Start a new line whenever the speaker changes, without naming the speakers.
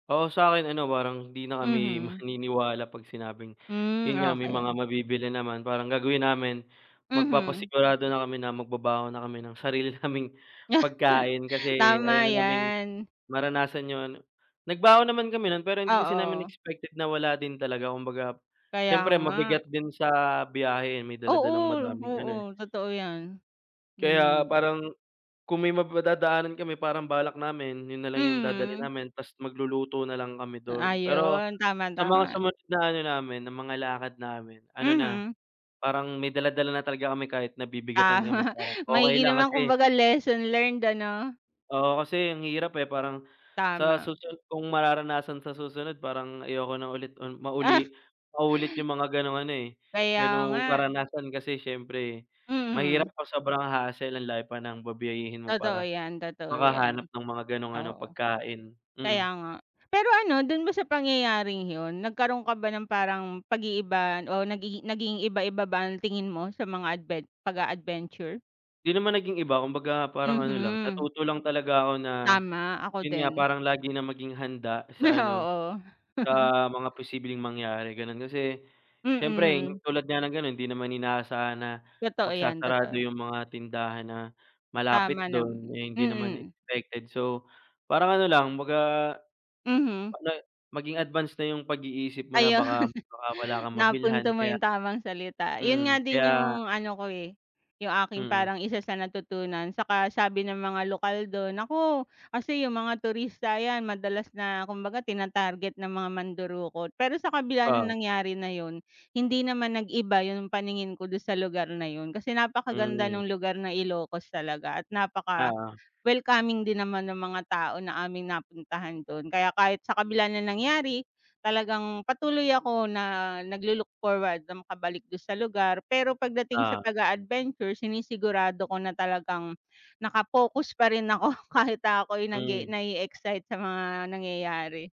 Oo, sa akin ano parang hindi na kami
Mhm.
maniniwala pag sinabing
Hmm
yun nga may mga
okey.
mabibili naman parang gagawin namin
Mhm.
magpapasigurado na kami na magbabaon na kami ng sarili naming pagkain kasi ayaw
Tama
na naming
'yan.
maranasan yun, nagbaon naman kami nun pero hindi kasi namin
Oo.
expected na wala din talaga kumbaga
Kaya
siyempre
nga.
mabigat din sa biyahe yon may
Oo,
dala-dalang madaming ano eh.
oo, totoo yan,
Kaya
hmm.
parang kung may madadaanan kami parang balak namin yun nalang yung dadalhin
Mhm.
namin tas magluluto nalang kami dun, pero
Ayun tama,
sa mga
tama.
sumunod na ano namin na mga lakad namin ano na
Mhm.
parang may dala-dala na talaga kami kahit nabibigatan kami
Tama
parang okey
maigi
lang
naman
kasi
kumbaga lesson learned ano?
Oo, kasi ang hirap, eh, parang sa
Tama.
susunod kung mararanasan sa susunod parang ayoko nang ulit,
Ah.
mauli maulit yung mga ganong ano, eh,
Kaya
ganong
nga.
karanasan kasi siyempre mahirap
Mhm.
ang sobrang hassle ang layo pa ng babyahihin mo
Totoo
para
yan, totoo
makahanap
yan,
ng mga ganong ano
oo.
pagkain, mm.
Kaya nga pero ano dun ba sa pangyayaring yun nagkaroon ka ba ng parang pag-iiba o nagi naging iba-iba ba ang tingin mo sa mga adven pag-a-adventure?
Di naman naging iba kumbaga parang ano lang
Mhm.
natuto lang talaga ako na
Tama, ako
yun nga
din.
parang lagi na maging handa sa ano,
Oo.
sa mga posibleng mangyari ganon kasi siyempre
Mm.
tulad nga ng ganon hindi naman inaasahan na
Totoo yan,
magsasarado
totoo.
yung mga tindahan na malapit
Tama
dun,
naman,
eh, hindi naman
mm.
expected so parang ano lang baga.
Mhm.
[unintelligible] Maging advance na yung pag-iisip mo na
Ayun,
baka, baka wala kang mabilhan
napunto mo
kaya,
yung tamang salita yun nga
mhm,
din
kaya
yung ano ko, eh, yung aking
Mm.
parang isa sa natutunan tsaka sabi ng mga lokal dun, naku kasi yung mga turista yan madalas na kumbaga tinatarget ng mga mandurukot pero sa kabila nong
Oo.
nangyari na yun hindi naman nag-iba yung paningin ko dun sa lugar na yun kasi napakaganda
Mhm.
nung lugar ng Ilocos talaga at
Oo.
napaka-welcoming din naman ng mga tao na aming napuntahan dun kaya kahit sa kabila ng nangyari talagang patuloy ako na naglo-look forward na makabalik dun sa lugar pero pagdating sa
Oo.
pag-a-adventure sinisigurado ko na talagang naka-focus pa rin ako kahit ako'y nag-e
Mhm.
na-e-excite sa mga nangyayari.